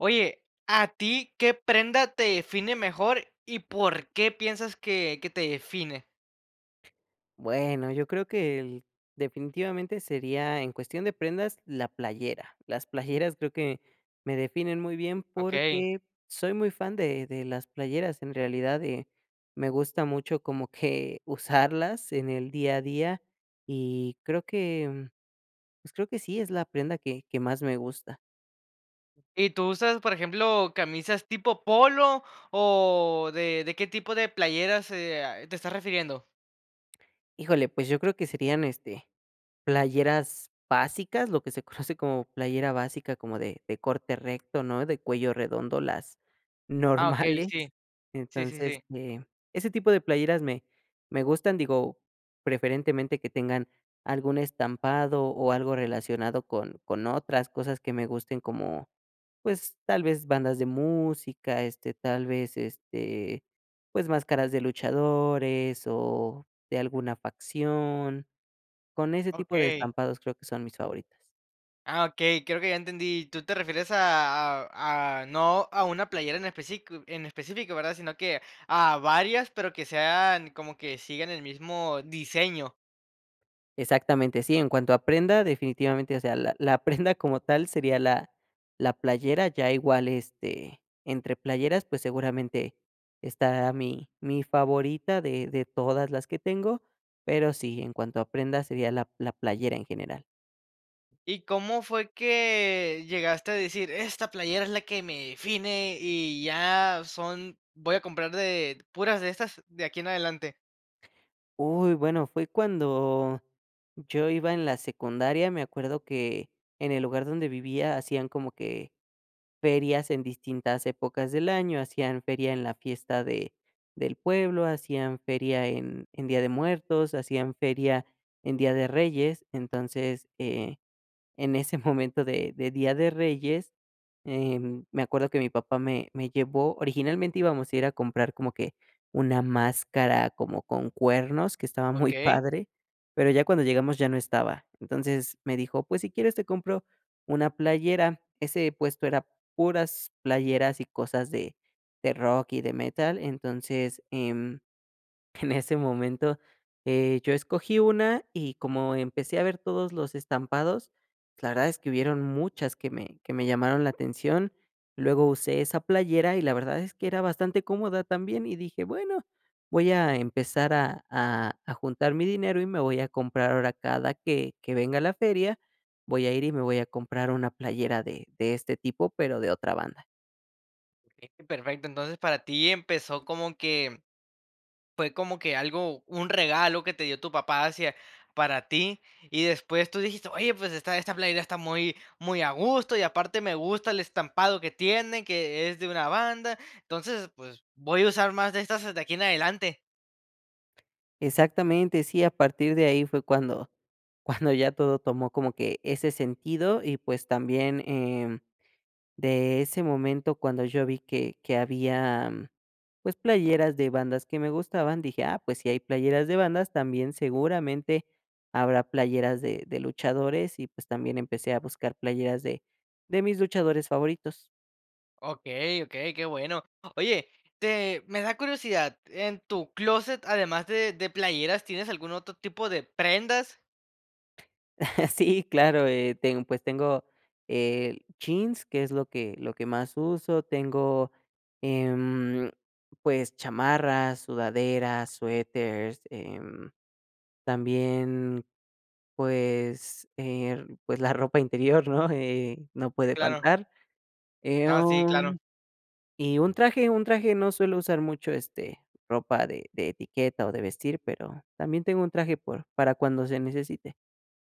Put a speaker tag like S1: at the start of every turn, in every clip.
S1: Oye, ¿a ti qué prenda te define mejor y por qué piensas que que te define?
S2: Bueno, yo creo que, el definitivamente sería, en cuestión de prendas, la playera, las playeras creo que me definen muy bien
S1: Okey.
S2: porque soy muy fan de de las playeras en realidad, eh, me gusta mucho como que usarlas en el día a día y creo que, pues creo que sí, es la prenda que que más me gusta.
S1: ¿Y tú usas, por ejemplo, camisas tipo polo o de de qué tipo de playeras eh ah, te estás refiriendo?
S2: Híjole, pues yo creo que serían, este, playeras básicas, lo que se conoce como playera básica, como de de corte recto, ¿no? De cuello redondo, las
S1: Ah, okey,
S2: normales.
S1: sí. Sí, sí,
S2: Entonces,
S1: sí.
S2: eh, ese tipo de playeras me me gustan, digo, preferentemente que tengan algún estampado o algo relacionado con con otras cosas que me gusten como, pues, tal vez bandas de música, este, tal vez, este, pues máscaras de luchadores o de alguna facción, con ese tipo de
S1: Okey.
S2: estampados creo que son mis favoritas.
S1: Ah, okey, creo que ya entendí. ¿Tú te refieres a a a no a una playera en especifico en específico, verdad? Sino que a varias, pero que sean, como que sigan el mismo diseño.
S2: Exactamente, sí, en cuanto a prenda, definitivamente, o sea, la la prenda como tal sería la la playera, ya igual, este, entre playeras, pues, seguramente estará mi mi favorita de de todas las que tengo, pero sí, en cuanto a prenda, sería la la playera en general.
S1: ¿Y cómo fue que llegaste a decir: "Esta playera es la que me define, y ya son voy a comprar de puras de estas de aquí en adelante?".
S2: Uy, bueno, fue cuando yo iba en la secundaria. Me acuerdo que en el lugar donde vivía hacían como que ferias en distintas épocas del año. Hacían feria en la fiesta de del pueblo, hacían feria en en Día de Muertos, hacían feria en Día de Reyes. Entonces, eh, en ese momento de de Día de Reyes, em, me acuerdo que mi papá me me llevó originalmente íbamos a ir a comprar como que una máscara como con cuernos, que estaba muy
S1: Okey.
S2: padre, pero ya cuando llegamos ya no estaba. Entonces, me dijo: "Pues, si quieres, te compro una playera". Ese puesto era puras playeras, y cosas de de rock, y de metal. Entonces, em, en ese momento, eh, yo escogí 1, y como empecé a ver todos los estampados, la verdad es que hubieron muchas que me que me llamaron la atención. Luego usé esa playera, y la verdad es que era bastante cómoda también, y dije: "Bueno, voy a empezar a a a juntar mi dinero, y me voy a comprar ahora cada que que venga la feria, voy a ir y me voy a comprar una playera de de este tipo, pero de otra banda".
S1: Bien, perfecto, entonces para ti empezó como que fue como que algo, un regalo que te dio tu papá hacia para ti, y después tú dijiste: "Oye, pues esta esta playera está muy muy a gusto, y aparte me gusta el estampado que tiene, que es de una banda, entonces, pues voy a usar más de estas de aquí en adelante".
S2: Exactamente, sí, a partir de ahí fue cuando cuando ya todo tomó como que ese sentido y, pues, también, eh, de ese momento cuando yo vi que que había, pues, playeras de bandas que me gustaban, dije: "Ah, pues, si hay playeras de bandas también seguramente habrá playeras de de luchadores". Y pues también empecé a buscar playeras de de mis luchadores favoritos.
S1: Okey, okey, qué bueno. Oye, te me da curiosidad, en tu clóset, además de de playeras, ¿tienes algún otro tipo de prendas?
S2: Sí, claro, eh, ten pues tengo el jeans, que es lo que lo que más uso, tengo, em, pues, chamarras, sudaderas, suéteres, eh, también, pues, eh, pues, la ropa interior, ¿no? Eh, no puede
S1: Claro.
S2: faltar,
S1: No, sí,
S2: em,
S1: claro.
S2: y un traje, un traje no suelo usar mucho, este, ropa de de etiqueta o de vestir, pero también tengo un traje por para cuando se necesite.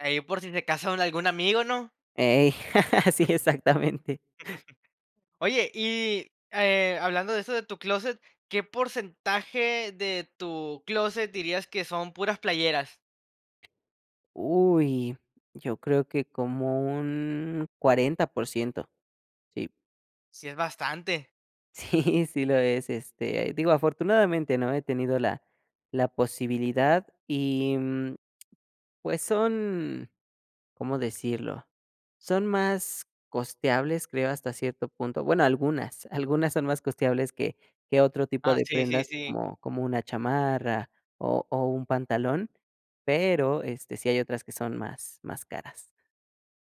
S1: Ey, por si se casan, un algún amigo, ¿no?
S2: Ey, sí, exactamente.
S1: Oye, y, eh, hablando de eso de tu clóset, ¿qué porcentaje de tu clóset dirías que son puras playeras?
S2: Uy, yo creo que como un 40%, sí.
S1: Sí es bastante.
S2: Sí, sí lo es, este, digo afortunadamente, ¿no? He tenido la la posibilidad y, mm, pues, son, ¿cómo decirlo? Son más costeables, creo, hasta cierto punto. Bueno, algunas, algunas son más costeables que que otro tipo
S1: Ah,
S2: de
S1: sí, sí,
S2: prendas,
S1: sí.
S2: como como una chamarra o o un pantalón. Pero, este, sí hay otras que son más más caras.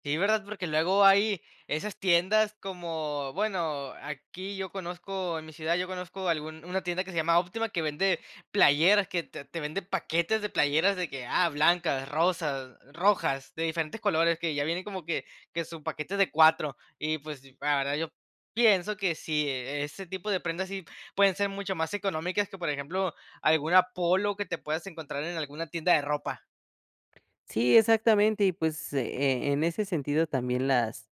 S1: Sí, ¿verdad? Porque luego hay esas tiendas como, bueno, aquí yo conozco, en mi ciudad yo conozco algún una tienda que se llama Óptima, que vende playeras, que te te vende paquetes de playeras de que, ah, blancas, rosas, rojas, de diferentes colores, que ya vienen como que que su paquete de 4 y, pues, la verdad, yo pienso que si ese tipo de prendas, sí pueden ser mucho más económicas que, por ejemplo, alguna Polo que te puedas encontrar en alguna tienda de ropa.
S2: Sí, exactamente, y, pues, e en ese sentido también las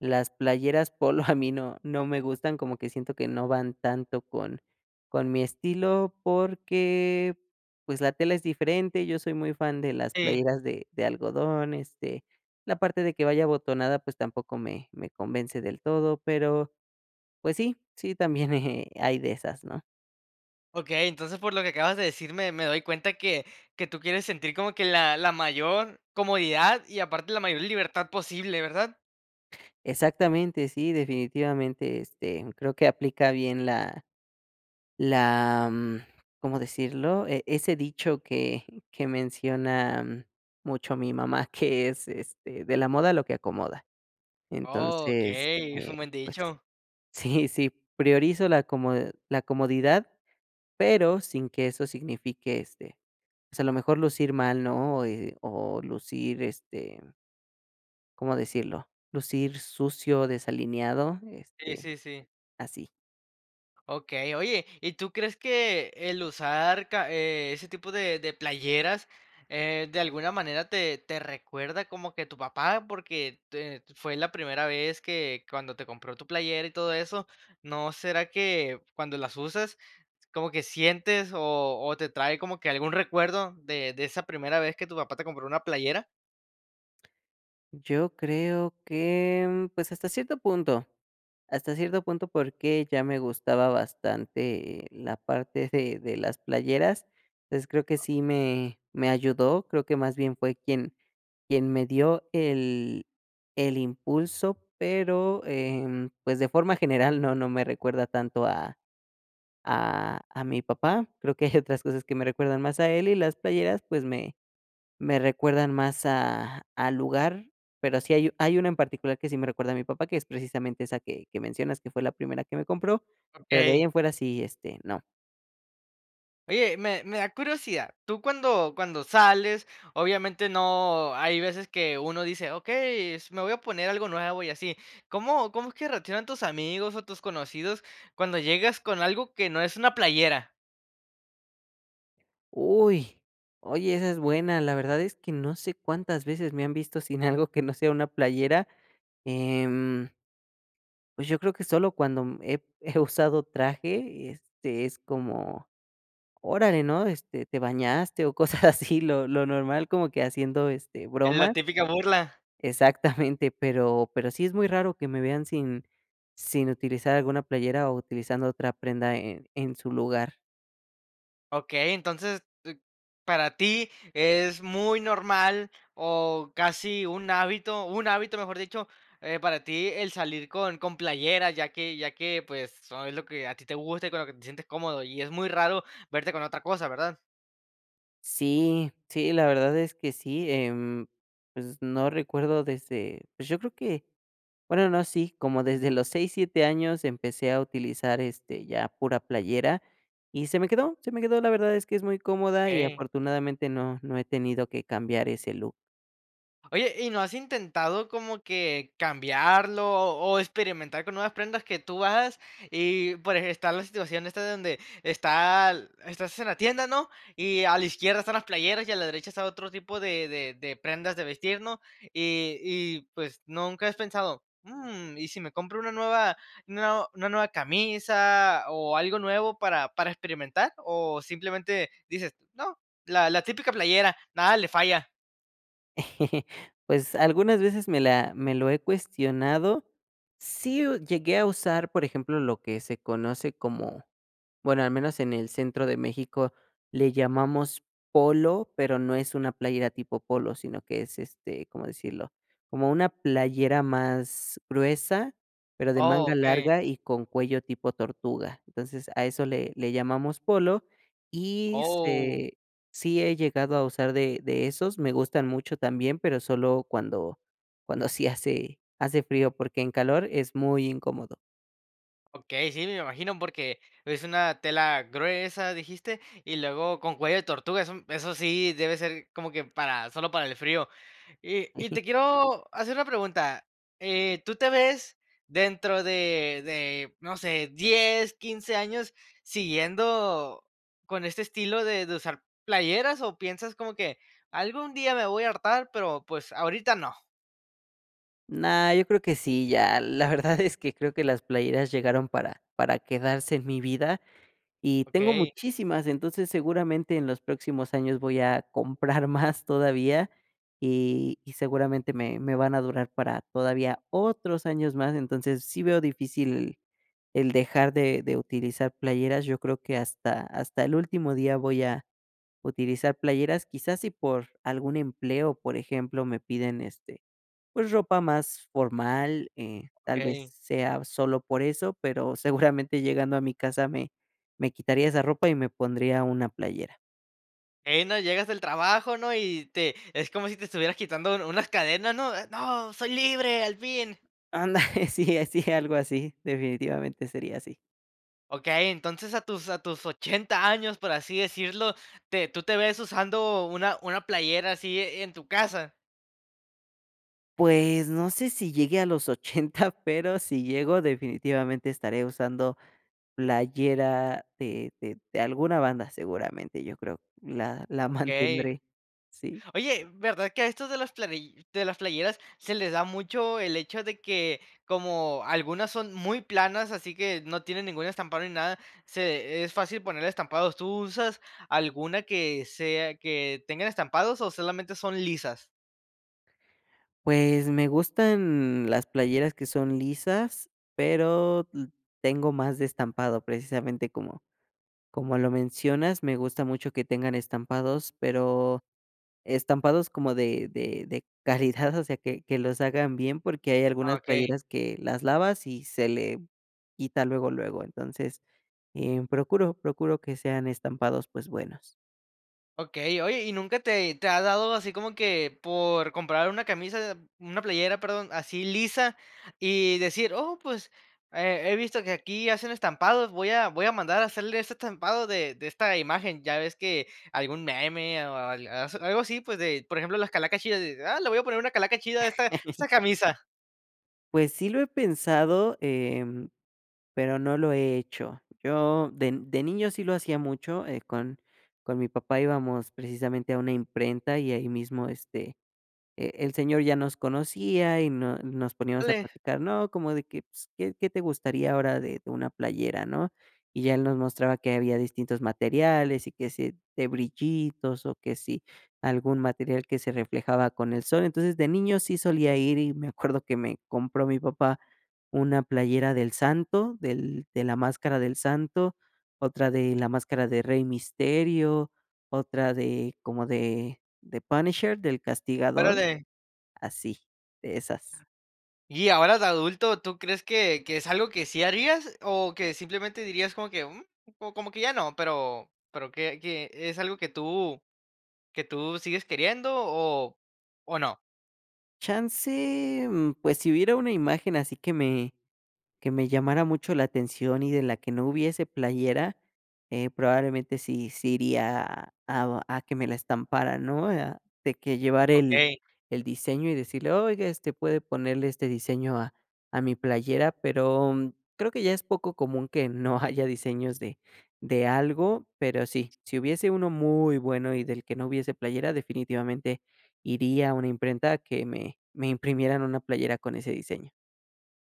S2: las playeras polo a mí no no me gustan, como que siento que no van tanto con con mi estilo porque, pues, la tela es diferente. Yo soy muy fan de las
S1: Sí.
S2: playeras de de algodón, este, la parte de que vaya abotonada, pues, tampoco me me convence del todo, pero, pues, sí, sí también, eh, hay de esas, ¿no?
S1: Okey, entonces, por lo que acabas de decir, me me doy cuenta que que tú quieres sentir como que la la mayor comodidad y aparte la mayor libertad posible, ¿verdad?
S2: Exactamente, sí, definitivamente, este, creo que aplica bien la la mm, ¿cómo decirlo? E e ese dicho que que menciona mucho mi mamá, que es, este,: "De la moda lo que acomoda".
S1: Oh,
S2: Entonces,
S1: okey. Es
S2: eh,
S1: un buen
S2: pues,
S1: dicho.
S2: sí, sí, priorizo la comod la comodidad, pero sin que eso signifique, este, pues a lo mejor lucir mal, ¿no? O, eh, o, lucir, este ¿cómo decirlo?, lucir sucio, desalineado,
S1: Sí,
S2: este,
S1: sí, sí.
S2: así.
S1: Okey, oye, ¿y tú crees que el usar ca eh, ese tipo de de playeras, eh, de alguna manera te te recuerda como que tu papá? Porque, te fue la primera vez que cuando te compró tu playera y todo eso, ¿no será que cuando las usas como que sientes, o o, te trae como que algún recuerdo de de esa primera vez que tu papá te compró una playera?
S2: Yo creo que, mm, pues hasta cierto punto hasta cierto punto, porque ya me gustaba bastante la parte de de las playeras. Entonces creo que sí me me ayudó, creo que más bien fue quien quien me dio el el impulso, pero, em, pues, de forma general no no me recuerda tanto a a a mi papá. Creo que hay otras cosas que me recuerdan más a él, y las playeras, pues, me me recuerdan más a al lugar. Pero sí hay hay una en particular que sí me recuerda a mi papá, que es precisamente esa que que mencionas que fue la primera que me compró, pero de ahí
S1: Okey.
S2: en fuera sí, este, no.
S1: Oye, me me da curiosidad. Tú, cuando cuando sales, obviamente no, hay veces que uno dice: "Okey, s me voy a poner algo nuevo y así". ¿Cómo como es que reaccionan tus amigos, o, tus conocidos cuando llegas con algo que no es una playera?
S2: Uy. Oye, esa es buena. La verdad es que no sé cuántas veces me han visto sin algo que no sea una playera, em. Pues yo creo que solo cuando he he usado traje, este, es como, órale, ¿no? Este, te bañaste o cosas así, lo lo normal como que haciendo, este,
S1: La
S2: bromas.
S1: típica burla.
S2: Exactamente, pero pero sí es muy raro que me vean sin sin utilizar alguna playera o utilizando otra prenda en en su lugar.
S1: Okey, entonces, para ti es muy normal, o casi un hábito, un hábito, mejor dicho, eh, para ti el salir con con playeras, ya que ya que, pues, es lo que a ti te gusta y con lo que te sientes cómodo y es muy raro verte con otra cosa, ¿verdad?
S2: Sí, sí, la verdad es que sí, em, pues no recuerdo desde pues yo creo que, bueno, no, sí, como desde los 6, 7 años empecé a utilizar, este, ya pura playera, y se me quedó, se me quedó. La verdad es que es muy cómoda y,
S1: Okey.
S2: afortunadamente, no no he tenido que cambiar ese look.
S1: Oye, ¿y no has intentado como que cambiarlo o experimentar con nuevas prendas que tú hagas? Y, por eje está la situación esta de donde está l estás en la tienda, ¿no?, y a la izquierda están las playeras, y a la derecha está otro tipo de de de prendas de vestir, ¿no?, y y, pues, nunca has pensado: "¿Mm, y si me compro una nueva, nue una nueva camisa o algo nuevo para para experimentar?" ¿O simplemente dices: "No, la la típica playera, nada le falla?".
S2: Pues algunas veces me la me lo he cuestionado. Sí, uh, llegué a usar, por ejemplo, lo que se conoce como, bueno, al menos en el centro de México le llamamos polo, pero no es una playera tipo polo, sino que es, este, ¿cómo decirlo?, como una playera más gruesa, pero de manga
S1: Okey.
S2: larga y con cuello tipo tortuga, entonces, a eso le le llamamos polo y
S1: Oh.
S2: se sí he llegado a usar de de esos, me gustan mucho también, pero solo cuando cuando sí hace hace frío, porque en calor es muy incómodo.
S1: Okey, sí, me imagino, porque es una tela gruesa, dijiste, y luego con cuello de tortuga, eso eso sí debe ser como que para solo para el frío. Y y
S2: Hiji
S1: te quiero hacer una pregunta, eh, ¿tú te ves dentro de de no sé, 10, 15 años siguiendo con este estilo de de usar playeras o piensas como que algún día me voy a hartar, pero pues, ahorita no?
S2: No, yo creo que sí, ya, la verdad es que creo que las playeras llegaron para para quedarse en mi vida, y tengo
S1: Okey.
S2: muchísimas. Entonces, seguramente en los próximos años voy a comprar más todavía, y y seguramente me me van a durar para todavía otros años más. Entonces, sí veo difícil el dejar de de utilizar playeras, yo creo que hasta hasta el último día voy a utilizar playeras. Quizás si por algún empleo, por ejemplo, me piden, este, pues ropa más formal, eh, tal vez
S1: Okey.
S2: sea sólo por eso, pero seguramente, llegando a mi casa, me me quitaría esa ropa y me pondría una playera.
S1: Ey, no llegas del trabajo, ¿no? Y te es como si te estuvieras quitando un unas cadenas, ¿no? ¡No soy libre, al fin!
S2: Anda, sí, así, algo así, definitivamente sería así.
S1: Okey, entonces a tus a tus 80 años, por así decirlo, ¿te tú te ves usando una una playera así en-en tu casa?
S2: Pues no sé si llegue a los 80 pero si llego, definitivamente, estaré usando playera de de de alguna banda seguramente, yo creo la la
S1: Okey.
S2: mantendré, sí.
S1: Oye, ¿verdad que a estos de las playi de las playeras se les da mucho el hecho de que como algunas son muy planas, así que no tienen ningún estampado ni nada, se es fácil ponerle estampados? ¿Tú usas alguna que sea que tengan estampados o solamente son lisas?
S2: Pues me gustan, las playeras que son lisas, pero, mm, tengo más de estampado, precisamente, como como lo mencionas, me gusta mucho que tengan estampados, pero estampados como de de de calidad, o sea, que que los hagan bien, porque hay algunas
S1: Okey.
S2: playeras que las lavas y se le quita luego luego. Entonces, em, procuro, procuro que sean estampados, pues buenos.
S1: Okey, oye, ¿y nunca te te ha dado así como que por comprar una camisa una playera, perdón, así lisa? Y decir: "Oh, pues, he he visto que aquí hacen estampados, voy a voy a mandar a hacerle ese estampado de de esta imagen", ya ves que algún meme, o o al aso algo así, pues, de, por ejemplo, las calacas chidas, eh: "Ah, le voy a poner una calaca chida a esta a esta camisa".
S2: Pues sí, lo he pensado, em, pero no lo he hecho. Yo de de niño sí lo hacía mucho, eh, con con mi papá íbamos precisamente a una imprenta y ahí mismo, este, e el señor ya nos conocía y nos nos poníamos a
S1: Órale.
S2: platicar, no, como de que s qué qué te gustaría ahora de de una playera, ¿no? Y ya él nos mostraba que había distintos materiales, y que sí de brillitos, o, que si algún material que se reflejaba con el sol. Entonces, de niño sí solía ir, y me acuerdo que me compró mi papá una playera del Santo, del de la máscara del Santo, otra de la máscara de Rey Misterio, otra de como de de Punisher, del castigador,
S1: Órale.
S2: así, de esas.
S1: Y ahora de adulto, ¿tú crees que que es algo que sí harías, o, que simplemente dirías como que: "Mm, como que ya no", pero pero que que es algo que tú que tú sigues queriendo, o o, no?
S2: Chance, mm, pues, si hubiera una imagen así que me que me llamara mucho la atención y de la que no hubiese playera, eh, probablemente sí sí iría a a que me la estampara, ¿no? Ah, de que llevar el
S1: Okey.
S2: el diseño, y decirle: "Oiga, este, puede ponerle este diseño a a mi playera", pero creo que ya es poco común que no haya diseños de de algo, pero sí, si hubiese uno muy bueno y del que no hubiese playera definitivamente iría a una imprenta a que me me imprimieran una playera con ese diseño.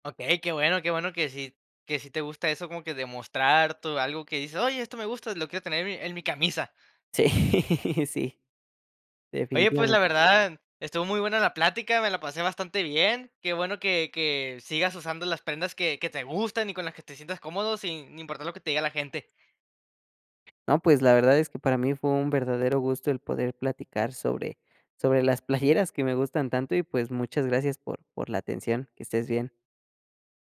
S1: Okey, qué bueno, qué bueno que sí que sí te gusta eso como que demostrar tu algo que dices: "Oye, esto me gusta, lo quiero tener en mi en mi camisa".
S2: Sí, sí,
S1: Oye, pues,
S2: definitivamente.
S1: la verdad, estuvo muy buena la plática, me la pasé bastante bien, qué bueno que que sigas usando las prendas que que te gustan y con las que te sientas cómodo, sin importar lo que te diga la gente.
S2: No, pues, la verdad es que para mí fue un verdadero gusto el poder platicar sobre sobre las playeras que me gustan tanto, y, pues, muchas gracias por por la atención. Que estés bien.